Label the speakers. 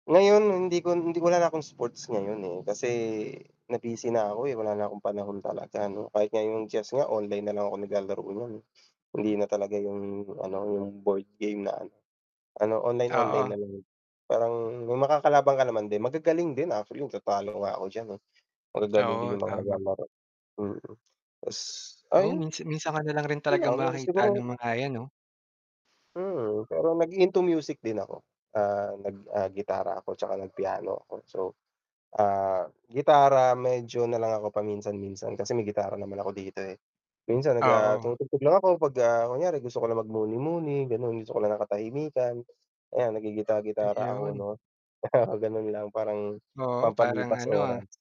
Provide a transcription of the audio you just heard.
Speaker 1: Ngayon hindi ko hindi wala na akong sports ngayon, eh, kasi na-busy na ako, eh, wala na akong panahon talaga 'no, kahit nga yung chess nga online na lang ako naglalaro no'n, eh, hindi na talaga yung ano, yung board game na ano, ano online-online
Speaker 2: Oo.
Speaker 1: na lang, parang may makakalaban ka naman din, magagaling din actually natatalo nga ako diyan, eh, magagaling din
Speaker 2: Oo,
Speaker 1: yung mga
Speaker 2: tama.
Speaker 1: naglalaro, mm. Tas
Speaker 2: Oo,
Speaker 1: ayun
Speaker 2: minsan minsan ka nalang rin talaga
Speaker 1: lang, yung
Speaker 2: makakita
Speaker 1: siguro
Speaker 2: ng mga yan 'no?
Speaker 1: hmm, pero nag-into music din ako. Ah, nag, ah, gitara ako 'tsaka nag piano ako so ah, gitara medyo nalang ako paminsan-minsan kasi may gitara naman ako dito, eh. Minsan nag, ah,
Speaker 2: Oo.
Speaker 1: tumutugtog lang ako 'pag, ah, kunyari gusto ko lang magmuni-muni gano'n, gusto ko lang ng katahimikan. Ayan, naggigita-gitara ako
Speaker 2: Ayun.
Speaker 1: 'no, gano'n lang parang
Speaker 2: Oo, parang
Speaker 1: pampalipas
Speaker 2: ano, ah
Speaker 1: oras.